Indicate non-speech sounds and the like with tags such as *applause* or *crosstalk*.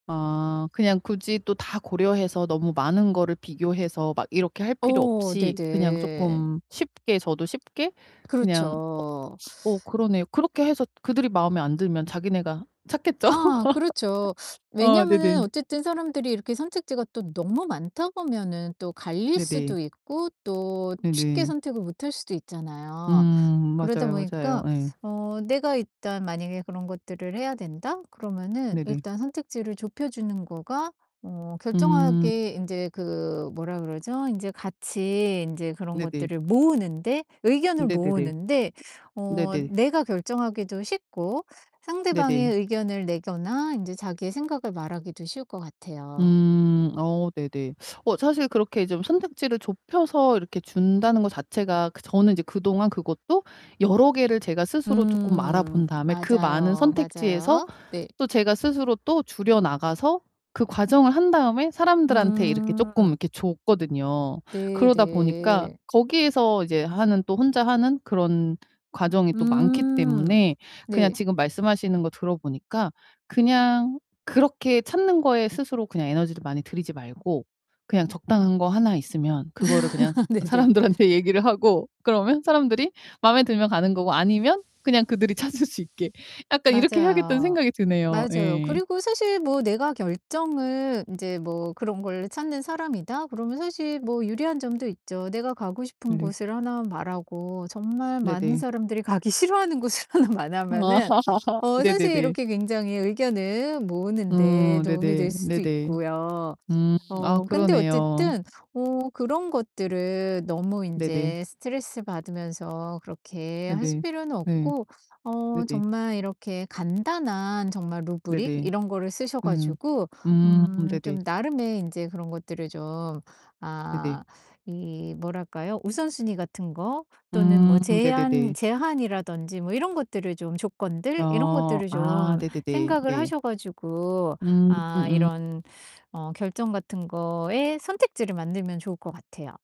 아 그냥 굳이 또 다 고려해서 너무 많은 거를 비교해서 막 이렇게 할 필요 어 없이 그냥 네네. 쪼끔 쉽게 저도 쉽게 그냥 그렇죠. 어 어 그러네요. 그렇게 해서 그들이 마음에 안 들면 자기네가 찾겠죠? 아 그렇죠. *laughs* 아 왜냐면은 네네. 어쨌든 사람들이 이렇게 선택지가 또 너무 많다 보면은 또 갈릴 네네. 수도 있고 또 쉽게 네네. 선택을 못 할 수도 있잖아요. 음. 그러다 맞아요, 맞아요. 보니까 예. 어 내가 일단 만약에 그런 것들을 해야 된다? 그러면은 네네. 일단 선택지를 좁혀 주는 거가 어 음. 결정하게 인제 그 뭐라 그러죠? 인제 같이 인제 그런 네네. 것들을 모으는데 의견을 네네네. 모으는데 어 네네. 내가 결정하기도 쉽고, 네네. 상대방의 의견을 내거나 인제 자기의 생각을 말하기도 쉬울 것 같아요. 음. 어 네네. 어 사실 그렇게 좀 선택지를 좁혀서 이렇게 준다는 거 자체가 그 저는 이제 그동안 그것도 여러 개를 제가 스스로 쪼끔 알아 음. 본 다음에 그 많은 맞아요, 선택지에서 맞아요. 네. 또 제가 스스로 또 줄여나가서 그 과정을 한 다음에 사람들한테 이렇게 쪼끔 음. 이렇게 줬거든요. 네 그러다 보니까 네. 거기에서 이제 하는 또 혼자 하는 그런 과정이 또 많기 음. 때문에 그냥 네. 지금 말씀하시는 거 들어보니까 그냥 그렇게 찾는 거에 스스로 그냥 에너지를 많이 들이지 말고 '그냥 적당한 거 하나 있으면 그거를 그냥 *laughs* 네네. 사람들한테 얘기를 하고 그러면 사람들이 마음에 들면 가는 거고 아니면 그냥 그들이 찾을 수 있게 약간 이렇게 해야겠다.'는 맞아요. 생각이 드네요. 맞아요. 예. 그리고 사실 뭐 '내가 결정을 인제 뭐 그런 거를 찾는 사람이다.' 그러면 사실 뭐 유리한 점도 있죠. 내가 가고 싶은 네. 곳을 하나 말하고 정말 많은 네네. 사람들이 가기 싫어하는 곳을 하나 아 말하면은 *laughs* 어 사실 네네네. 이렇게 굉장히 의견을 모으는 데 음. 도움이 될 네네, 수도 네네. 있고요. 음 아 어 근데 그러네요. 어쨌든 어 그런 것들을 너무 네네. 인제 스트레스 받으면서 그렇게 아 하실 네. 필요는 네. 없고 어 네네. 정말 이렇게 간단한 정말 루브릭 네네. 이런 거를 쓰셔 음. 가지고 음. 음 좀 네네. 나름의 인제 그런 것들을 좀 네네. 아 이 뭐랄까요? 우선순위 같은 거 또는 음. 뭐 제한, 네네네. 제한이라든지 뭐 이런 것들을 좀 조건들 이런 어. 것들을 아 좀 네네네. 생각을 네. 하셔 가지고 음. 아 음. 이런 어 결정 같은 거의 선택지를 만들면 좋을 것 같아요.